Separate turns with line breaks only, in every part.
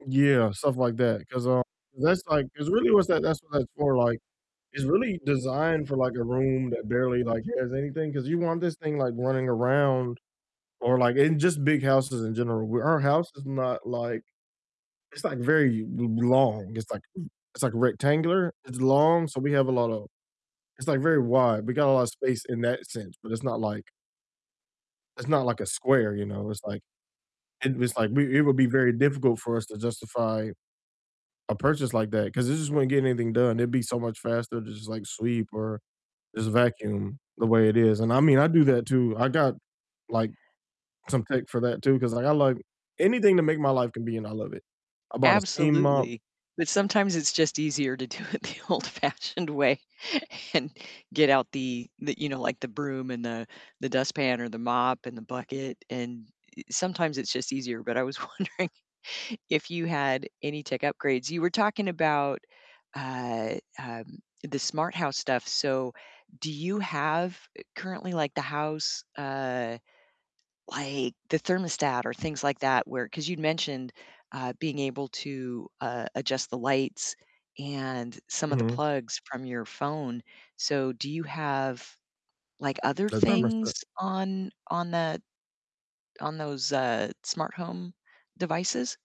Yeah, stuff like that, 'cause, um, 'cause that's like 'cause really what's that that's what that's for, like, it's really designed for, like, a room that barely, like has anything, 'cause you want this thing like running around or like in just big houses in general, our house is not like it's like very l long, it's like it's like rectangular, it's long, so we have a lotta It's like very wide, we got a lot of space in that sense, but it's not like It's not like a square, you know? It's like and it's like we it would be very difficult for us to justify a purchase like that 'cause it just wouldn't get anything done, it'd be so much faster to just, like, sweep or just vacuum the way it is, and I mean, I do that too, I got like some tech for that too, 'cause, like, I like anything to make my life convenient, I love it, I bought a steam mop.
Absolutely, but sometimes it's just easier to do it the old-fashioned way and get out the the, you know, like the broom and the the dustpan or the mop and the bucket, and e sometimes it's just easier, but I was wondering if you had any tech upgrades? You were talking about, uh, um, the smart house stuff, so do you have currently, eh, like the house, uh, like the thermostat or things like that where 'Cause you'd mentioned, uh, being able to, uh, adjust the lights and some of the
Mhm.
plugs from your phone, so do you have like other
The thermostat.
things on on that on those, uh, smart home devices?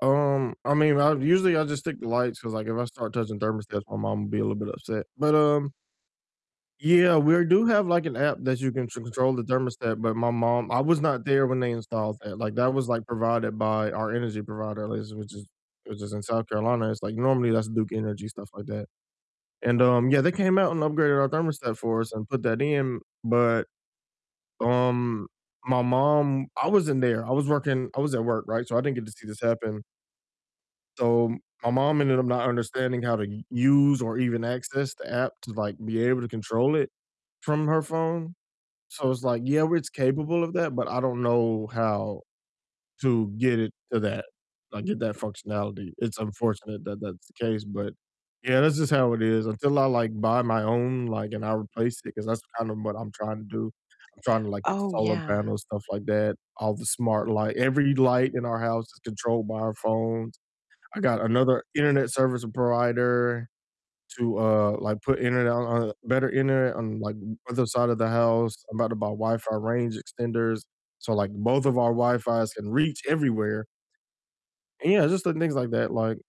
Um, I mean, I usually I just stick to lights 'cause, like, if I start touching thermostats, my mom will be a little bit upset, but, um Yeah, we're do have like an app that you can ch control the thermostat, but my mom I was not there when they installed that, like, that was, like, provided by our energy provider, at least which is which is in South Carolina, it's like normally that's Duke Energy, stuff like that, and, um, yeah, they came out and upgraded our thermostat for us and put that in, but, um, my mom I wasn't there, I was working I was at work, right, so I didn't get to see this happen. So my mom ended up not understanding how to u use or even access the app to like be able to control it from her phone, so it's like, yeah, it's capable of that, but I don't know how to get it to that, like get that functionality. It's unfortunate that that's the case, but yeah, that's just how it is, until I like buy my own, like, and I replace it, 'cause that's kind of what I'm trying to do, I'm trying to like get
Oh,
solar
yeah.
panels, stuff like that, all the smart light every light in our house is controlled by our phones, I got another internet service provider to, uh, like put internet on better internet on like other side of the house, I'm about to buy Wi-Fi range extenders, so like both of our Wi-Fis can reach everywhere. And yeah, just doing things like that, like